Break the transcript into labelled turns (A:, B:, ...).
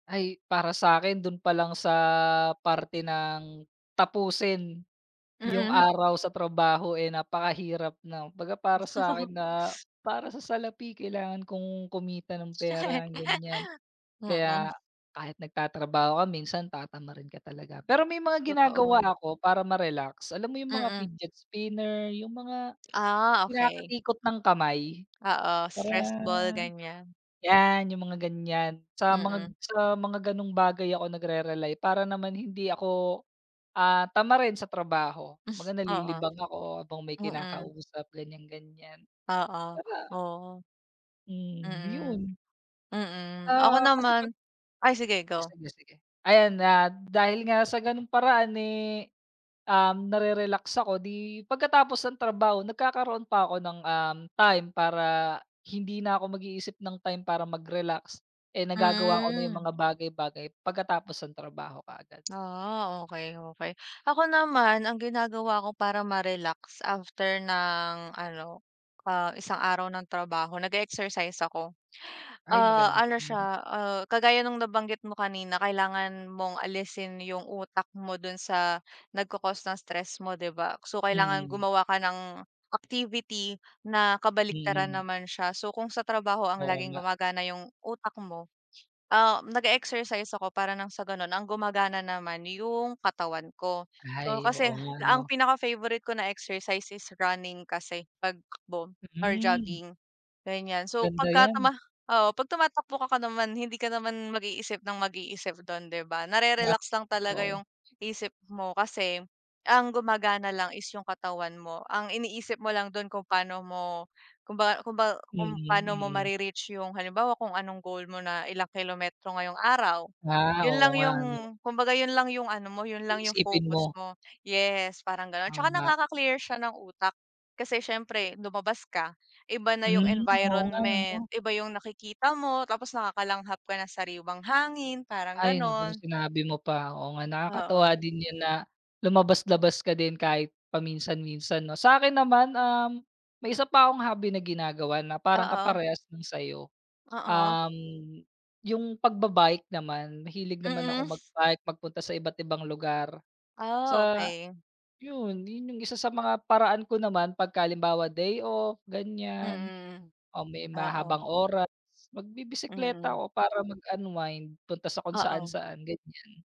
A: Ay, para sa'kin, do'n pa lang sa, parte ng tapusin yung
B: Mm.
A: araw sa trabaho, eh, napakahirap na. Kumbaga para sa'kin, na, para sa salapi kailangan kong kumita ng pera, ganyan.
B: Mm.
A: Kaya, kahit nagtatrabaho ka minsan, tatamarin ka talaga. Pero may mga
B: Totoo.
A: ginagawa ako, para ma-relax. Alam mo yung mga
B: Mm.
A: fidget spinner yung mga
B: Ah, okey.
A: kinakatikot ng kamay,
B: Oo,
A: para
B: stress ball, ganyan.
A: yan, yung mga ganyan sa mga
B: Mm.
A: sa mga gano'ng bagay ako nagre-rely, para naman hindi ako, ah, tamarin sa trabaho. 'Baga,
B: Oo,
A: nalilibang ako habang may
B: mm.
A: kinakausap, ganyan-ganyan.
B: Oo,
A: 'Baga,
B: oo.
A: hmm,
B: Mm,
A: 'yon.
B: mm. Ako
A: Ah, kasi 'pag
B: naman ay, sige
A: ay,
B: go.
A: sige, sige. Ayan, ah, dahil nga sa gano'ng paraan, eh, um, nare-relax ako, 'di, pagkatapos ng trabaho, nagkakaroon pa ako ng, um, time para hindi na ako mag-iisip ng time para mag-relax, eh, nagagawa ko na yung
B: Hmm.
A: mga bagay-bagay, pagkatapos ng trabaho kaagad.
B: Ah, okey-okey, ako naman ang ginagawa ko para ma-relax, after ng ano, ah, isang araw ng trabaho, nage-exercise ako.
A: Ay,
B: Ah,
A: maganda
B: ano
A: rin 'yon.
B: siya, ah, kagaya no'ng nabanggit mo kanina, kailangan mong alisin yung utak mo do'n sa, nagko-cost ng stress mo, 'di ba? So, kailangan
A: Mm.
B: gumawa ka ng activity na kabaliktaran
A: Mm.
B: naman siya, so, kung sa trabaho ang
A: Oo
B: laging
A: nga.
B: gumagana yung utak mo, ah, nage-exercise ako para ng sa gano'n, ang gumagana naman yung katawan ko. So,
A: Ay, oo
B: kasi
A: nga,
B: ang
A: 'no?
B: pinaka-favorite ko na exercise is running, kasi pagtakbo or
A: Mm.
B: jogging, ganyan. So,
A: Maganda
B: pagka,
A: yan.
B: tama oo, 'pag tumatakbo ka ka naman, hindi ka naman mag-iisip ng mag-iisip do'n, 'di ba,
A: Ah,
B: na-re-relax lang talaga
A: oo.
B: yung isip mo. Kasi, ang gumagana lang is yung katawan mo, ang iniisip mo lang do'n, kung paano mo kung ba kung ba kung
A: Mm,
B: paano mo
A: mm.
B: ma-re-reach yung, halimbawa, kung anong goal mo na ilang kilometro ngayong araw,
A: Ah,
B: 'yon
A: oo
B: lang
A: nga,
B: yung,
A: ano.
B: kumbaga, 'yon lang yung ano mo, 'yon lang yung
A: Iisipin
B: focus
A: mo.
B: mo. Yes, parang gano'n, tsaka
A: Tama.
B: nakaka-clear siya ng utak, kasi siyempre, lumabas ka, iba na yung
A: Hmm, oo nga,
B: environment,
A: ano.
B: iba yung nakikita mo, tapos nakakalanghap ka ng sariiwang hangin, parang
A: Ay naku,
B: gano'n.
A: sinabi mo pa. Oo nga, nakakatuwa
B: Oo.
A: din 'yon na, lumabas-labas ka din, kahit paminsan-minsan, 'no? Sa'kin naman, um, may isa pa akong hobby na ginagawa, na parang
B: Oo.
A: kaparehas nung sa'yo.
B: Oo.
A: Um, yung pagba-bike naman, mahilig naman
B: Mm.
A: akong mag-bike, magpunta sa iba't ibang lugar,
B: Ah,
A: sa
B: okey.
A: 'yon, 'yon yung isa sa mga, paraan ko naman, pagka halimbawa day off, ganyan,
B: Mm,
A: o may
B: oo.
A: mahabang oras, magbibisikleta
B: Mm.
A: ako para mag-unwind, punta sa kung
B: Oo.
A: saan-saan, ganyan.